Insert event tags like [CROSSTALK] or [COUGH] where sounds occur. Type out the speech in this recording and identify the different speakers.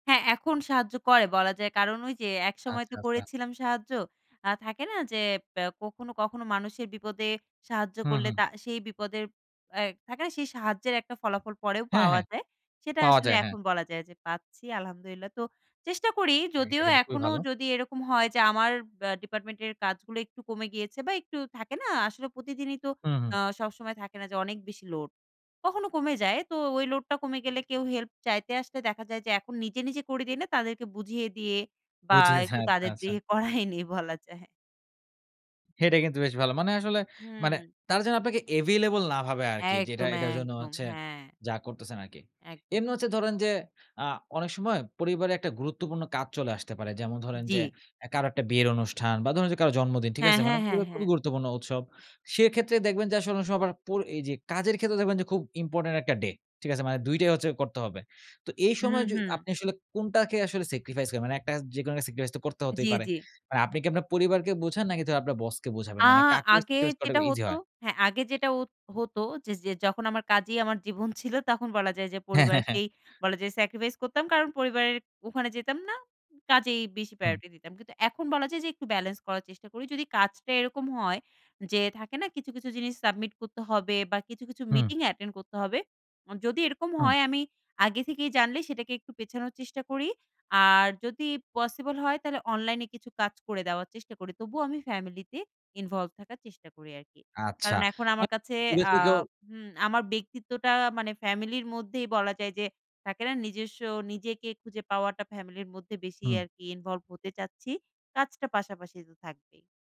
Speaker 1: হ্যাঁ। এখন সাহায্য করে বলা যায়। কারণ, ওইযে একসময় তো
Speaker 2: আচ্ছা, আচ্ছা।
Speaker 1: করেছিলাম সাহায্য। আ থাকে না যে ব্যা কখনো, কখনো, মানুষের বিপদে সাহায্য
Speaker 2: হুম,
Speaker 1: করলে,
Speaker 2: হুম।
Speaker 1: তা সেই বিপদের এয় থাকে না? সেই সাহায্যের একটা ফলাফল পরেও
Speaker 2: হ্যাঁ,
Speaker 1: পাওয়া
Speaker 2: হ্যাঁ।
Speaker 1: যায়, সেটা
Speaker 2: পাওয়া
Speaker 1: আসলে
Speaker 2: যায়। হ্যাঁ।
Speaker 1: এখন বলা যায় যে পাচ্ছি, আলহামদুলিল্লাহ। তো চেষ্টা করি
Speaker 2: এটা
Speaker 1: যদিও
Speaker 2: কিন্তু খুবই
Speaker 1: এখনো
Speaker 2: ভালো।
Speaker 1: যদি এরকম হয় যে আমার ব্যা ডিপার্টমেন্টের কাজগুলো একটু কমে গিয়েছে বা, একটু থাকে না? আসলে প্রতিদিনই তো
Speaker 2: হুম, হুম।
Speaker 1: আ সবসময় থাকে না যে অনেক বেশি লোড। কখনো কমে যায়। তো ওই লোডটা কমে গেলে কেউ হেল্প চাইতে আসলে দেখা যায় যে, এখন নিজে, নিজে করে দেই না। তাদেরকে বুঝিয়ে দিয়ে বা,
Speaker 2: বুঝেছি।
Speaker 1: একটু
Speaker 2: আচ্ছা,
Speaker 1: তাদের
Speaker 2: আচ্ছা।
Speaker 1: দিয়ে করাই নেই বলা যায়।
Speaker 2: এটা কিন্তু বেশ ভালো। মানে আসলে মানে
Speaker 1: হুম।
Speaker 2: তারা জন্য আপনাকে এভেইলেবল না ভাবে আরকি। যেটা
Speaker 1: একদম,
Speaker 2: এটার জন্য
Speaker 1: একদম,
Speaker 2: হচ্ছে
Speaker 1: হ্যাঁ।
Speaker 2: যা করতেছেন আরকি।
Speaker 1: একদম।
Speaker 2: এমনি হচ্ছে ধরেন যে আ অনেক সময় পরিবারে একটা গুরুত্বপূর্ণ কাজ চলে আসতে পারে। যেমন ধরেন যে,
Speaker 1: জি।
Speaker 2: এ কারো একটা বিয়ের অনুষ্ঠান বা, ধরুন যে কারোর জন্মদিন। ঠিক
Speaker 1: হ্যাঁ,
Speaker 2: আছে? মানে
Speaker 1: হ্যাঁ, হ্যাঁ,
Speaker 2: পরিবারের খুবই
Speaker 1: হ্যাঁ।
Speaker 2: গুরুত্বপূর্ণ উৎসব। সেক্ষেত্রে দেখবেন যে আসলে ওনেক সময় আবার পর এইযে কাজের ক্ষেত্রে দেখবেন যে খুব ইম্পোর্টেন্ট একটা ডে, ঠিক আছে? মানে দুইটাই হচ্ছে করতে হবে। তো এই
Speaker 1: হু,
Speaker 2: সময় য
Speaker 1: হু।
Speaker 2: আপনি আসলে কোনটাকে আসলে স্যাক্রিফাইস করেন? মানে একটা যেকোনো একটা স্যাক্রিফাইস তো করতে হতেই
Speaker 1: জি,
Speaker 2: পারে।
Speaker 1: জি।
Speaker 2: মানে আপনি কি আপনার পরিবারকে বোঝান নাকি [UNINTELLIGIBLE] আপনার বসকে বোঝাবেন?
Speaker 1: আ
Speaker 2: মানে কাকে
Speaker 1: আগে
Speaker 2: স্যাক্রিফাইস করাটা
Speaker 1: যেটা
Speaker 2: ইজি
Speaker 1: হতো
Speaker 2: হয়?
Speaker 1: হ্যাঁ। আগে যেটা ওত হতো যে, যে যখন আমার কাজেই আমার জীবন ছিল, তখন বলা যায় যে
Speaker 2: হ্যাঁ, হ্যাঁ, হ্যাঁ।
Speaker 1: পরিবারকেই বলা যায় স্যাক্রিফাইস করতাম। কারণ পরিবারের ওখানে যেতাম না। কাজেই বেশি
Speaker 2: হুম।
Speaker 1: প্রায়োরিটি দিতাম। কিন্তু এখন বলা যায় যে একটু ব্যালেন্স করার চেষ্টা করি। যদি কাজটা এরকম হয় যে, থাকে না কিছু, কিছু, জিনিস সাবমিট করতে হবে। বা, কিছু, কিছু,
Speaker 2: হুম।
Speaker 1: মিটিং অ্যাটেন্ড করতে হবে। অ্যা যদি এরকম
Speaker 2: হুম।
Speaker 1: হয় আমি আগে থেকেই জানলে সেটাকে একটু পেছানোর চেষ্টা করি। আর যদি পসিবল হয় তাহলে অনলাইনে কিছু কাজ করে দেওয়ার চেষ্টা করি। তবুও আমি ফ্যামিলিতে ইনভল্ভ থাকার চেষ্টা করি আরকি।
Speaker 2: আচ্ছা।
Speaker 1: কারণ এখন আমার কাছে
Speaker 2: মা দূরে
Speaker 1: আ
Speaker 2: থেকেও
Speaker 1: হুম, আমার ব্যক্তিত্বটা মানে ফ্যামিলির মধ্যেই বলা যায় যে, থাকে না? নিজস্ব নিজেকে খুঁজে পাওয়াটা ফ্যামিলির মধ্যে বেশি
Speaker 2: হুম।
Speaker 1: আরকি ইনভল্ভ হতে চাচ্ছি। কাজটা পাশাপাশি তো থাকবেই।